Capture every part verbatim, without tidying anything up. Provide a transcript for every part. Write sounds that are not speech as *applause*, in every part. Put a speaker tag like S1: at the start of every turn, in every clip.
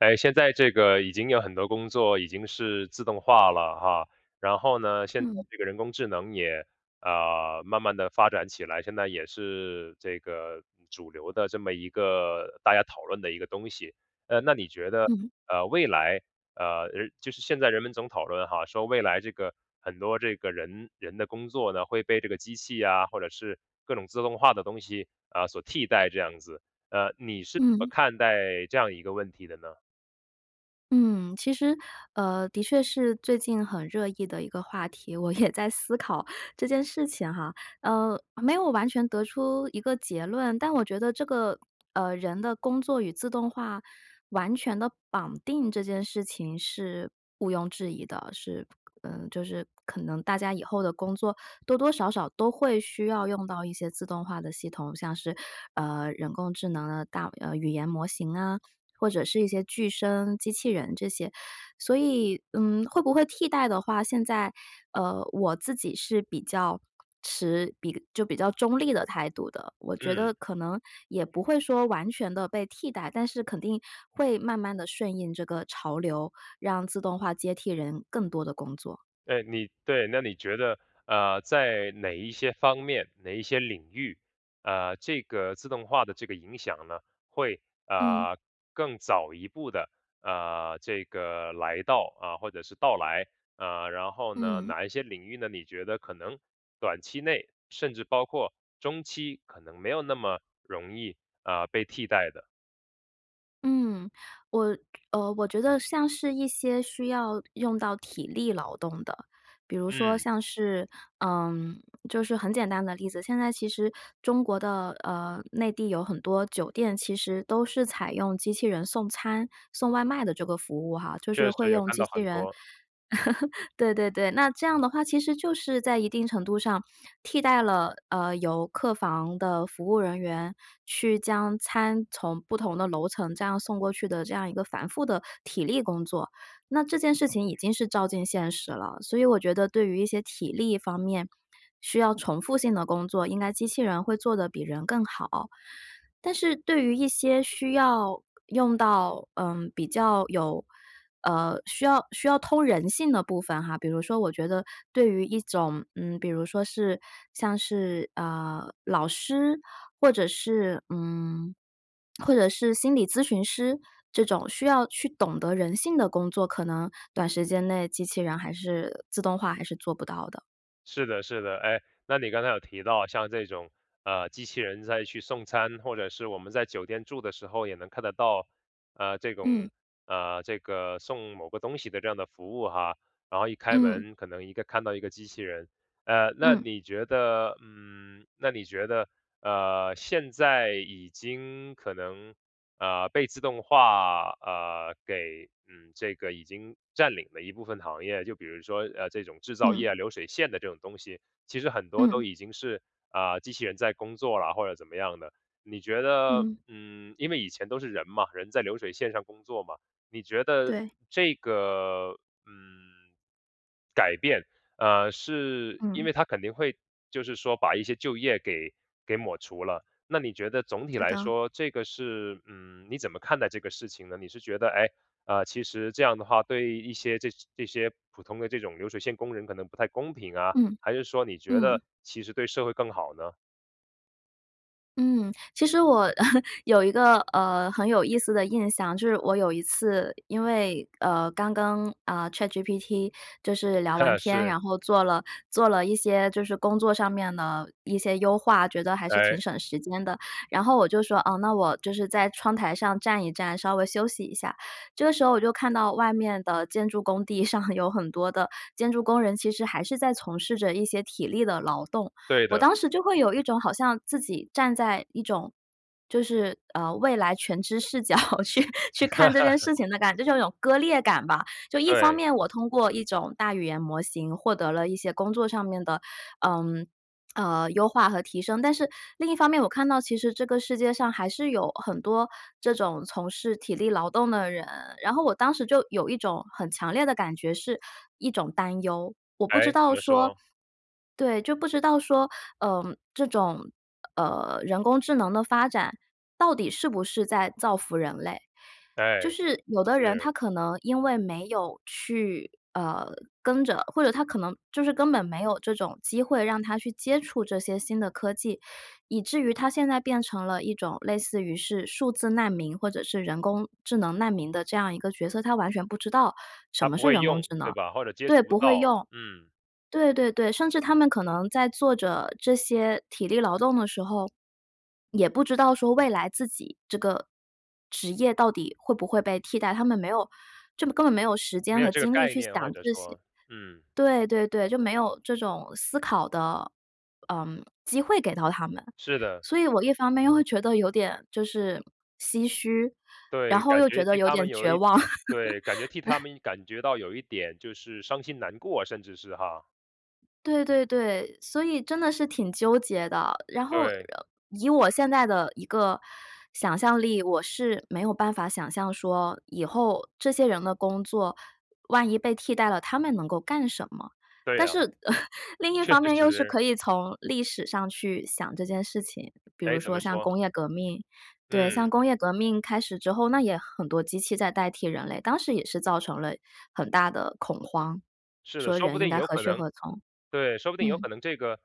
S1: 诶，现在这个已经有很多工作已经是自动化了哈。然后呢，现在
S2: 嗯。
S1: 这个人工智能也，呃，慢慢地发展起来。现在也是这个主流的这么一个大家讨论的一个东西。呃，那你觉得，
S2: 嗯。
S1: 呃，未来，呃，而就是现在人们总讨论哈，说未来这个很多这个人人的工作呢会被这个机器啊，或者是各种自动化的东西，啊，所替代这样子。呃，你是怎么
S2: 嗯。
S1: 看待这样一个问题的呢？
S2: 嗯，其实，呃，的确是最近很热议的一个话题，我也在思考这件事情哈。呃，没有完全得出一个结论，但我觉得这个，呃，人的工作与自动化完全地绑定这件事情，是毋庸置疑的。是嗯，就是可能大家以后的工作，多多少少都会需要用到一些自动化的系统，像是，呃，人工智能的大呃，语言模型啊，或者是一些具声机器人这些。所以，嗯，会不会替代的话，现在，呃，我自己是比较持比就比较持中立的态度的，我觉
S1: 嗯。
S2: 得可能也不会说完全地被替代。但是肯定会慢慢地顺应这个潮流，让自动化接替人更多的工作。
S1: 呃，你对，那你觉得，呃，在哪一些方面、哪一些领域，呃，这个自动化的这个影响呢，会，
S2: 嗯。
S1: 呃，更早一步地，呃，这个来到，啊，或者是到来？呃，然后呢，
S2: 嗯。
S1: 哪一些领域呢，你觉得可能短期内甚至包括中期，可能没有那么容易，呃，被替代的？
S2: 嗯，我呃，我觉得像是一些需要用到体力劳动的，比如说
S1: 嗯。
S2: 像是嗯，就是很简单的例子，现在其实中国的，呃，内地有很多酒店，其实都是采用机器人送餐、送外卖的这个服务哈，就是
S1: 确
S2: 会
S1: 实有
S2: 用
S1: 看
S2: 机
S1: 到
S2: 器
S1: 很
S2: 人，
S1: 多。
S2: *laughs* 对对对，那这样的话其实就是在一定程度上替代了，呃，由客房的服务人员去将餐，从不同的楼层这样送过去的这样一个繁复的体力工作，那这件事情已经是照进现实了。所以我觉得对于一些体力方面，需要重复性的工作，应该机器人会做得比人更好。但是对于一些需要用到，嗯，比较有呃，需要需要通人性的部分哈，比如说我觉得对于一种，嗯，比如说是像是，呃，老师，或者是，嗯，或者是心理咨询师，这种需要去懂得人性的工作，可能短时间内机器人还是自动化还是做不到的。
S1: 是的，是的，诶，那你刚才有提到像这种，呃，机器人在去送餐，或者是我们在酒店住的时候，也能看得到，呃，这种
S2: 嗯。
S1: 呃，这个送某个东西的这样的服务哈。然后一开
S2: 嗯。
S1: 门，可能一个看到一个机器人。呃，那
S2: 嗯。
S1: 你觉得，嗯，那你觉得，呃，现在已经可能，呃，被自动化，呃，给嗯，这个已经占领了一部分行业，就比如说，呃，这种制造
S2: 嗯。
S1: 业，流水线的这种东西，其实很多都
S2: 嗯。
S1: 已经是，呃，机器人在工作了，或者怎么样的。你觉得，
S2: 嗯。
S1: 嗯，因为以前都是人嘛，人在流水线上工作嘛。你觉得
S2: 对。
S1: 这个，嗯，改变，呃，是因
S2: 嗯。
S1: 为它肯定会就是说把一些就业给给抹除了，那你觉得总体
S2: 是
S1: 来
S2: 的。
S1: 说，这个是嗯，你怎么看待这个事情呢？你是觉得，哎，啊，其实这样的话，对一些这些这些普通的这种流水线工人可能不太公平啊，
S2: 嗯，
S1: 还是说你觉
S2: 嗯。
S1: 得其实对社会更好呢？
S2: 嗯，其实我 *chuckles* 有一个，呃，很有意思的印象。就是我有一次，因为，呃，刚刚，呃，ChatGPT 就是聊完
S1: 啊，
S2: 天，
S1: 是。
S2: 然后做了做了一些就是工作上面的一些优化，觉得还是挺
S1: 哎。
S2: 省时间的。然后我就说，哦，那我就是在窗台上站一站，稍微休息一下。这个时候我就看到外面的建筑工地上有很多的建筑工人，其实还是在从事着一些体力的劳动。
S1: 对
S2: 我
S1: 的。
S2: 当时就会有一种好像自己站在一种就是，呃，未来全知视角去去看这件
S1: *laughs*
S2: 事情的感觉，就是有种割裂感吧。就一方
S1: 对。
S2: 面我通过一种大语言模型获得了一些工作上面的，嗯，*smacks lips* 呃，优化和提升。但是另一方面，我看到其实这个世界上还是有很多这种从事体力劳动的人，然后我当时就有一种很强烈的感觉，是一种担忧，我不知
S1: 诶，怎
S2: 道
S1: 么
S2: 说
S1: 说？
S2: 对，就不知道说，呃，这种，呃，人工智能的发展到底是不是在造福人类。就
S1: 哎，
S2: 是有的人
S1: 是。
S2: 他可能因为没有去，呃，跟着或者他可能就是根本没有这种机会让他去接触这些新的科技，以至于他现在变成了一种类似于是数字难民或者是人工智能难民的这样一个角色，他完全不知道什
S1: 他
S2: 么
S1: 不
S2: 是
S1: 会
S2: 人工
S1: 用，
S2: 智能。
S1: 对吧？或者接
S2: 对，
S1: 触不
S2: 不会
S1: 到，
S2: 用，
S1: 嗯。
S2: 对对对，甚至他们可能在做着这些体力劳动的时候，也不知道说未来自己这个职业到底会不会被替代，他们没有就根本没有时间
S1: 没有
S2: 和
S1: 这个
S2: 精力
S1: 概
S2: 去想
S1: 念或者
S2: 这些。
S1: 说，嗯。
S2: 对对对，就没有这种思考的，嗯，机会给到他们，
S1: 是的。
S2: 所以我一方面又会觉得有点，就是唏嘘，然
S1: 对，
S2: 后
S1: 感
S2: 又
S1: 觉
S2: 觉得
S1: 替
S2: 有
S1: 他们
S2: 点
S1: 有
S2: 绝
S1: 一
S2: 望。
S1: 对，感觉替他
S2: *chuckles*
S1: 们感觉到有一点就是伤心难过，甚至是哈。
S2: 对对对，所以真的是挺纠结的。然后，
S1: 对。
S2: 以我现在的一个想象力，我是没有办法想象说，以后这些人的工作，万一被替代了他们能够干什么。
S1: 对
S2: 但
S1: 呀，
S2: 是，*laughs* 另一
S1: 确
S2: 方
S1: 实
S2: 面又是
S1: 是
S2: 可以从历史上去想这件事情，比
S1: 诶，
S2: 如
S1: 怎
S2: 说
S1: 么
S2: 像
S1: 说。
S2: 工业革命。对，像
S1: 嗯。
S2: 工业革命开始之后，那也很多机器在代替人类，当时也是造成了很大的恐慌，
S1: 是的，
S2: 说
S1: 说
S2: 人
S1: 不
S2: 应
S1: 定
S2: 该
S1: 有
S2: 何
S1: 可
S2: 去
S1: 能
S2: 何从，
S1: 对，说不定有
S2: 嗯。
S1: 可能这个，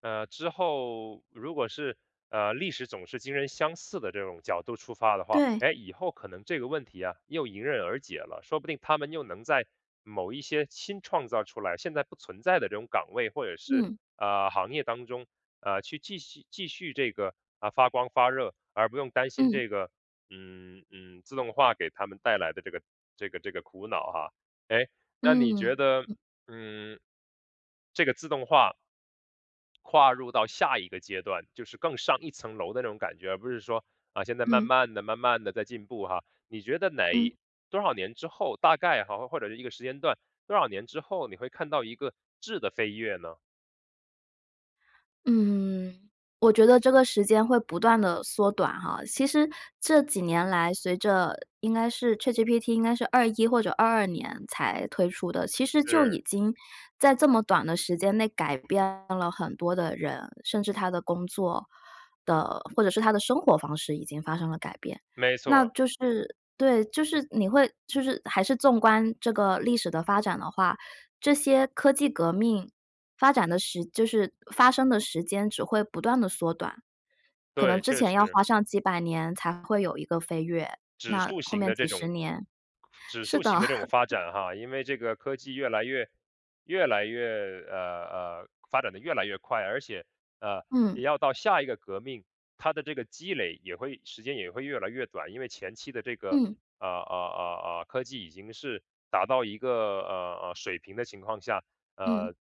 S1: 呃，之后如果是，呃，历史总是惊人相似的这种角度出发的话，
S2: 对。
S1: 哎，以后可能这个问题呀，又迎刃而解了。说不定他们又能在，某一些新创造出来现在不存在的这种岗位，或者是，
S2: 嗯。
S1: 呃，行业当中，呃，去继续继续这个，呃，发光发热，而不用担心
S2: 嗯。
S1: 这个，嗯，嗯，自动化给他们带来的这个这个这个苦恼啊。诶，那你觉
S2: 嗯，
S1: 得，
S2: 嗯。
S1: 嗯，这个自动化跨入到下一个阶段，就是更上一层楼的那种感觉，而不是说，啊，现在慢
S2: 嗯。
S1: 慢地慢慢地在进步哈。你觉得哪
S2: 嗯。
S1: 一多少年之后-大概哈，或或者是一个时间段，多少年之后，你会看到一个质的飞跃呢？
S2: 嗯，我觉得这个时间会不断地缩短哈。其实这几年来，随着应该是 ChatGPT 应该是二一或者二二年才推出的，其实就
S1: 是。
S2: 已经在这么短的时间内改变了很多的人，甚至他的工作的或者是他的生活方式已经发生了改变。
S1: 没
S2: 那
S1: 错。
S2: 就是对，就是你会就是还是纵观这个历史的发展的话，这些科技革命发展的时就是发生的时间只会不断地缩短，可能
S1: 对，
S2: 之
S1: 确
S2: 前要
S1: 实。
S2: 花上几百年才会有一个飞跃，
S1: 指
S2: 那
S1: 数
S2: 后
S1: 型
S2: 面
S1: 的
S2: 几
S1: 这
S2: 十
S1: 种，
S2: 年
S1: 指
S2: 是
S1: 数
S2: 的。
S1: 型的这种发
S2: *chuckles*
S1: 展哈。因为这个科技越来越，越来越，呃，呃，发展得越来越快，而且，呃，
S2: 嗯。
S1: 也要到下一个革命，它的这个积累也会时间也会越来越短，因为前期的这个，
S2: 嗯。
S1: 呃呃呃呃，科技已经是达到一个，呃，呃，水平的情况下，
S2: 嗯。
S1: 呃，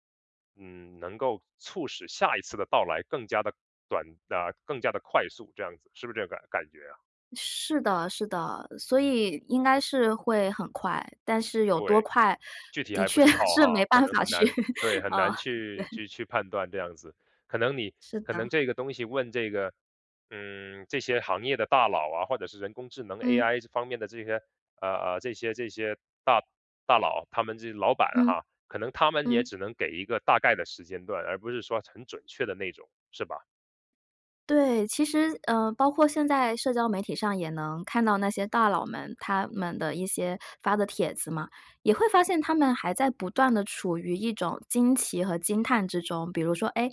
S1: 嗯，能够促使下一次的到来更加地短，呃，更加地快速这样子。是不是这个感感觉啊？
S2: 是的，是的，所以应该是会很快，但是有多
S1: 对，
S2: 快，
S1: 具体
S2: 的
S1: 还不
S2: 确
S1: 知道
S2: 是
S1: 哈，
S2: 没
S1: 可
S2: 办
S1: 能
S2: 法
S1: 很
S2: 去
S1: 难
S2: *chuckles*
S1: 对，很
S2: 嗯，
S1: 难去，
S2: 对。
S1: 去去判断这样子。可能你
S2: 是
S1: 可
S2: 的。
S1: 能这个东西问这个，嗯，这些行业的大佬啊，或者是人工智能
S2: 嗯。
S1: AI 这方面的这些，呃，呃，这些这些大大佬，他们这些老板
S2: 嗯，
S1: 哈，可能他们也
S2: 嗯。
S1: 只能给一个大概的时间段，而不是说很准确的那种，是吧？
S2: 对，其实，呃，包括现在社交媒体上也能看到那些大佬们，他们的一些发的帖子嘛，也会发现他们还在不断地处于一种惊奇和惊叹之中。比如说，诶，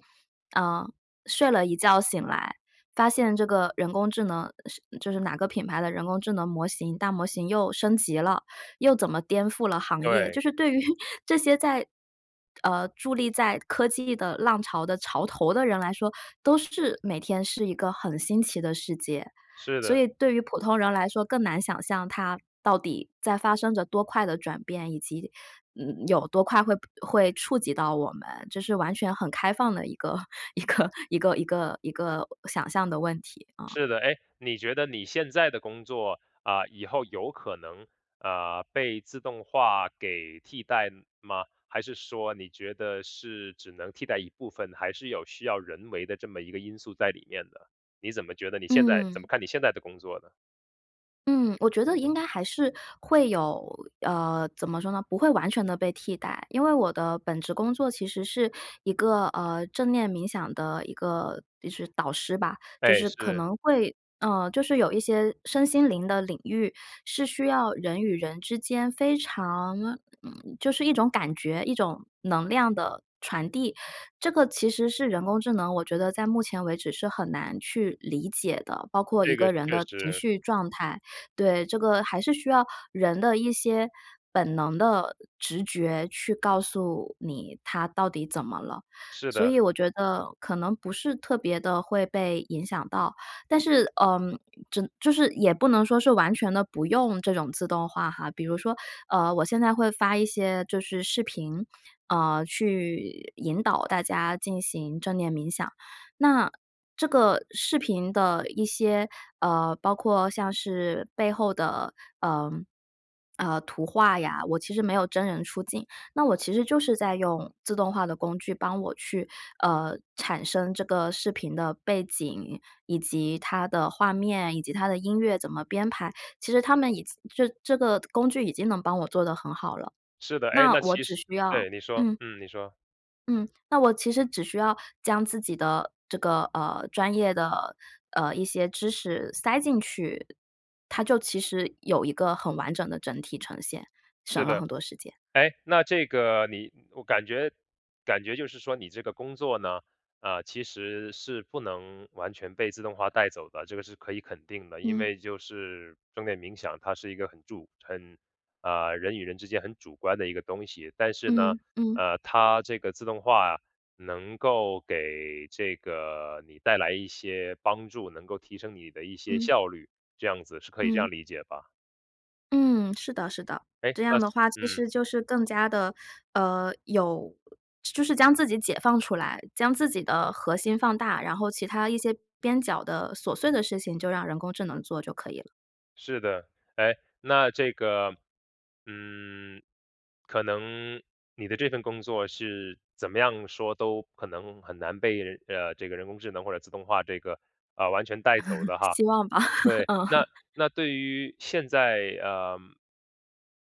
S2: 呃，睡了一觉醒来，发现这个人工智能是就是哪个品牌的人工智能模型，大模型又升级了，又怎么颠覆了行业，就
S1: 对。
S2: 是对于这些在，呃，伫立在科技的浪潮的潮头的人来说，都是每天是一个很新奇的世界。
S1: 是
S2: 所
S1: 的。
S2: 以对于普通人来说，更难想象它到底在发生着多快的转变，以及，嗯，*smacks lips* 有多快会会触及到我们，这是完全很开放的一个一个一个一个一个想象的问题，啊。
S1: 是的，诶，你觉得你现在的工作，呃，以后有可能，呃，被自动化给替代吗？还是说你觉得是只能替代一部分，还是有需要人为的这么一个因素在里面的，你怎么觉得你现在怎么
S2: 嗯。
S1: 看你现在的工作呢？
S2: 嗯，我觉得应该还是会有，呃，怎么说呢？不会完全的被替代，因为我的本职工作其实是一个，呃，正念冥想的一个就是导师吧，就
S1: 诶，
S2: 是可
S1: 是。
S2: 能会呃，就是有一些身心灵的领域，是需要人与人之间非常嗯，就是一种感觉，一种能量的传递。这个其实是人工智能，我觉得在目前为止是很难去理解的。包括一
S1: 这个
S2: 个人
S1: 确
S2: 的情
S1: 实。
S2: 绪状态，对。这个还是需要人的一些本能的直觉，去告诉你他到底怎么了。
S1: 是
S2: 所
S1: 的。
S2: 以我觉得，可能不是特别地会被影响到。但是，呃，真就是也不能说是完全的不用这种自动化哈。比如说，呃，我现在会发一些就是视频，呃，去引导大家进行正念冥想，那这个视频的一些，呃，包括像是背后的，呃，呃，图画呀，我其实没有真人出镜，那我其实就是在用自动化的工具，帮我去，呃，产生这个视频的背景，以及它的画面，以及它的音乐怎么编排，其实它们已就这个工具已经能帮我做得很好了，
S1: 是的，诶？
S2: 那
S1: 那
S2: 我
S1: 其
S2: 只
S1: 实
S2: 需要
S1: 对，你说，
S2: 嗯。
S1: 嗯，你说。
S2: 嗯，那我其实只需要将自己的这个，呃，专业的，呃，一些知识塞进去，它就其实有一个很完整的整体呈现，省
S1: 是
S2: 了
S1: 的，
S2: 很多时间。
S1: 诶，那这个你我感觉感觉就是说你这个工作呢，呃，其实是不能完全被自动化带走的，这个是可以肯定的。因
S2: 嗯。
S1: 为就是正念冥想它是一个很主很呃，人与人之间很主观的一个东西，但是呢，
S2: 嗯，嗯。
S1: 呃，它这个自动化啊，能够给这个你带来一些帮助，能够提升你的一些
S2: 嗯。
S1: 效率，这样子。是可以这
S2: 嗯。
S1: 样理解吧？
S2: 嗯，是的是的。
S1: 诶？
S2: 这
S1: 那
S2: 样的话，其
S1: 嗯。
S2: 实就是更加地，呃，有就是将自己解放出来，将自己的核心放大，然后其它一些边角的琐碎的事情就让人工智能做就可以了。
S1: 是的，诶，那这个，嗯，可能你的这份工作是怎么样说都可能很难被人呃，这个人工智能或者自动化这个，呃，完全带走的
S2: *laughs*
S1: 哈。
S2: 希望吧，*laughs*
S1: 对，
S2: 嗯哼。
S1: 那那对于现在，呃，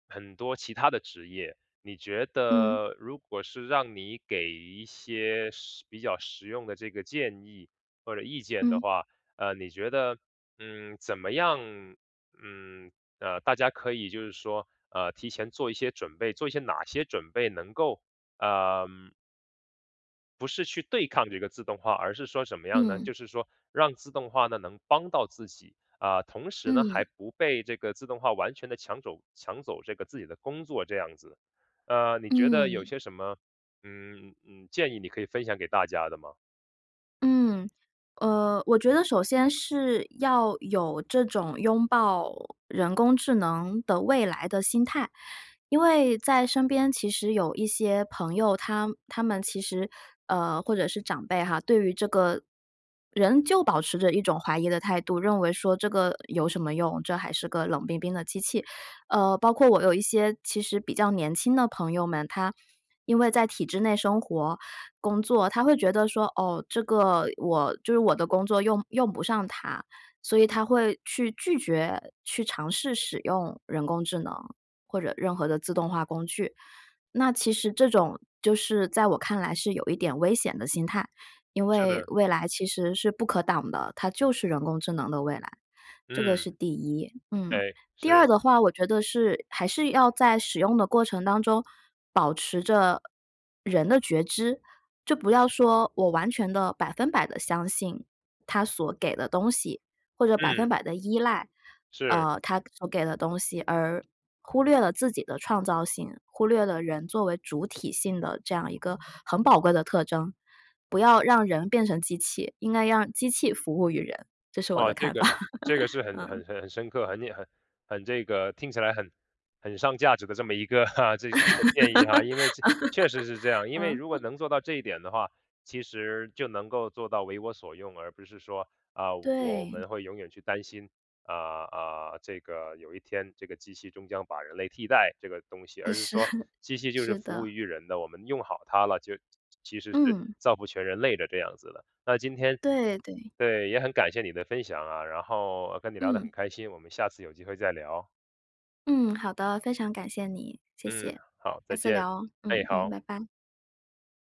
S1: 很多其它的职业，你觉
S2: 嗯。
S1: 得如果是让你给一些实比较实用的这个建议，或者意见的
S2: 嗯。
S1: 话，呃，你觉得，嗯，怎么样，嗯，呃，大家可以就是说，呃，提前做一些准备，做一些哪些准备能够，呃嗯不是去对抗这个自动化，而是说什么样呢？
S2: 嗯。
S1: 就是说让自动化呢，能帮到自己，啊，同时呢，
S2: 嗯。
S1: 还不被这个自动化完全地抢走抢走这个自己的工作这样子。呃，你觉得有
S2: 嗯。
S1: 些什么，嗯，嗯，建议你可以分享给大家的吗？
S2: 嗯，呃，我觉得首先是要有这种拥抱人工智能的未来的心态。因为在身边其实有一些朋友，他他们其实，呃，或者是长辈哈，对于这个人就保持着一种怀疑的态度，认为说这个有什么用，这还是个冷冰冰的机器。呃，包括我有一些其实比较年轻的朋友们，他因为在体制内生活、工作，他会觉得说，哦，这个我就是我的工作用用不上它。所以他会去拒绝去尝试使用人工智能或者任何的自动化工具，那其实这种，就是在我看来是有一点危险的心态，因
S1: 是
S2: 为
S1: 的。
S2: 未来其实是不可挡的。它就是人工智能的未来。这个是
S1: 嗯。
S2: 第一，嗯。
S1: 哎，
S2: 第
S1: 是。
S2: 二的话，我觉得是还是要在使用的过程当中保持着人的觉知，就不要说我完全的百分百地相信它所给的东西，或者百
S1: 嗯。
S2: 分百地依赖，
S1: 是。
S2: 呃，它所给的东西，而忽略了自己的创造性，忽略了人作为主体性的这样一个很宝贵的特征。不要让人变成机器，应该让机器服务于人，这是我的
S1: 啊，这
S2: 看法。
S1: 个这个是很
S2: *chuckles* 嗯。
S1: 很很很深刻，很很很这个，听起来很很上价值的这么一个 *chuckles* 这个这个建议哈。因为这确实是这样，
S2: *laughs*
S1: 因为
S2: 嗯，
S1: 如果
S2: 哼。
S1: 能做到这一点的话，其实就能够做到为我所用。而不是说，呃，我
S2: 对。
S1: 们会永远去担心，啊，啊，这个有一天，这个机器终将把人类替代这个东西，
S2: 是，
S1: 而是说
S2: *chuckles*
S1: 机器就是
S2: 是
S1: 服务
S2: 的。
S1: 于人的，我们用好它了，就其实是
S2: 嗯。
S1: 造福全人类的这样子的。那今天
S2: 对，对。
S1: 对，也很感谢你的分享啊，然后，呃，跟你聊得很
S2: 嗯。
S1: 开心，我们下次有机会再聊。
S2: 嗯，好的，非常感谢你。谢
S1: 嗯，
S2: 谢，
S1: 好，
S2: 下
S1: 再
S2: 次
S1: 见，
S2: 聊哦，
S1: 哎，
S2: 嗯，嗯，
S1: 好。
S2: 拜拜。